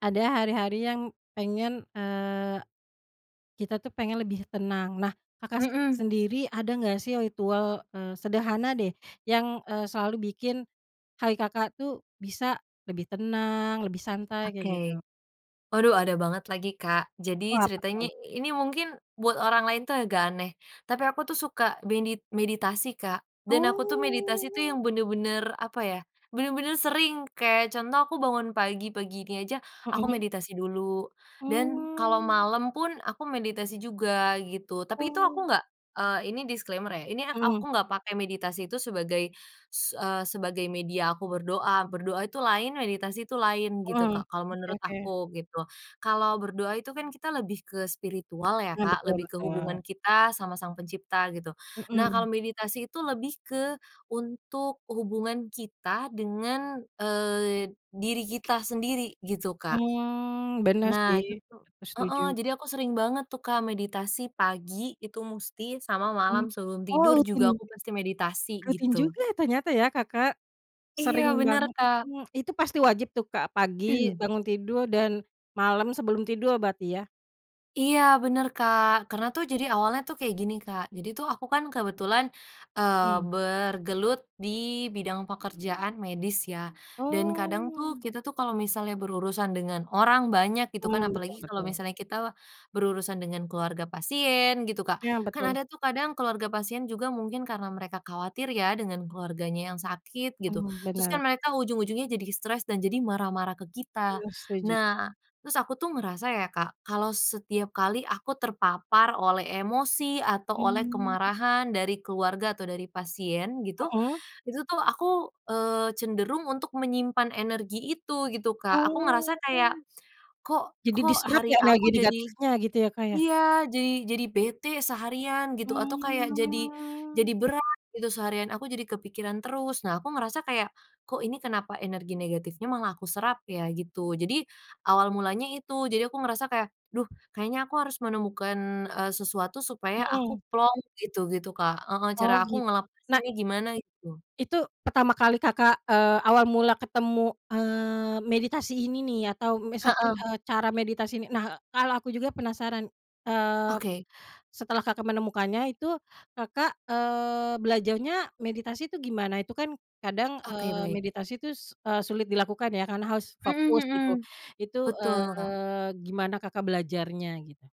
Ada hari-hari yang pengen, eee, kita tuh pengen lebih tenang. Nah, Kakak s Mhm. sendiri ada enggak sih ritual, eee, sederhana deh yang, eee, selalu bikin hari Kakak tuh bisa lebih tenang, lebih santai, kayak Oke, gitu? waduh ada banget lagi, Kak. Oh Jadi apa ceritanya tuh? i ini mungkin buat orang lain tuh agak aneh. Tapi aku tuh suka medit meditasi, Kak. Dan aku tuh meditasi tuh Oh. yang bener-bener, apa ya, bener-bener sering, kayak contoh aku bangun pagi, pagi ini aja, aku Mhm. meditasi dulu. Dan kalau Mmm. malam pun aku meditasi juga gitu, tapi itu aku Oh. enggak eee, ini disclaimer ya, ini ak Mhm. aku enggak pakai meditasi itu sebagai s eee, sebagai media aku berdoa. Berdoa itu lain, meditasi itu lain gitu, Mhm. Kak, kalau Oke menurut oke. aku gitu. Kalau berdoa itu kan kita lebih ke spiritual ya, Nah, Kak, betul lebih ke hubungan betul. kita sama Sang Pencipta gitu. Nah kalau Mhm. meditasi itu lebih ke untuk hubungan kita dengan, eee, diri kita sendiri, gitu, Kak. Mmm, bener Nah sih. itu tuh Aku setuju. heeh, jadi aku sering banget tuh, Kak, meditasi pagi itu musti sama Mmm. malam sebelum Oh tidur juga rutin? aku pasti meditasi, Rutin gitu. juga ternyata ya Kakak. Iya Sering bener, banget, Kak. mhm, itu pasti wajib tuh, Kak, pagi bangun tidur dan malam sebelum tidur berarti ya? Iya, bener, Kak. Karena tuh jadi awalnya tuh kayak gini, Kak. Jadi tuh aku kan kebetulan, eee, Mmm. bergelut di bidang pekerjaan medis ya. Dan kadang tuh Oh. kita tuh kalau misalnya berurusan dengan orang banyak gitu kan, Oh, betul apalagi kalau betul. misalnya kita berurusan dengan keluarga pasien gitu, Kak. Iya, Kan betul. ada tuh kadang keluarga pasien juga mungkin karena mereka khawatir ya dengan keluarganya yang sakit, gitu. Mmm, Terus bener. kan mereka ujung-ujungnya jadi stres dan jadi marah-marah ke kita. Mmm, setuju. Nah, terus aku tuh ngerasa ya, Kak, kalau setiap kali aku terpapar oleh emosi atau oleh Mmm. kemarahan dari keluarga atau dari pasien gitu, Mhm. itu tuh aku, eee, cenderung untuk menyimpan energi itu gitu, Kak. Aku ngerasa kayak, Oh. kok Jadi kok diserap ya hari energi aku jadi negatifnya gitu ya, Kak, ya? iya, jadi jadi bete seharian gitu atau kayak jadi Mmm. jadi berat gitu seharian, aku jadi kepikiran terus. Nah aku ngerasa kayak, "Kok ini kenapa energi negatifnya malah aku serap ya?" gitu. Jadi, awal mulanya itu, jadi aku ngerasa kayak, "Duh kayaknya aku harus menemukan, eee, sesuatu supaya aku Mhm. plong," gitu gitu, Kak. Heeh, Oh cara aku git ngelepas na ini gimana, gitu. Itu, pertama kali Kakak, eee, awal mula ketemu, eee, meditasi ini nih atau misalkan, Heeh. eee, cara meditasi ini. Nah, kalau aku juga penasaran, eee, Oke. setelah Kakak menemukannya itu Kakak, eee, belajarnya meditasi itu gimana? Itu kan kadang, Oke eee, baik. meditasi tuh eee, sulit dilakukan ya karena harus Mhm fokus gitu. mhm. Itu, Betul, Kak. eee, gimana Kakak belajarnya gitu?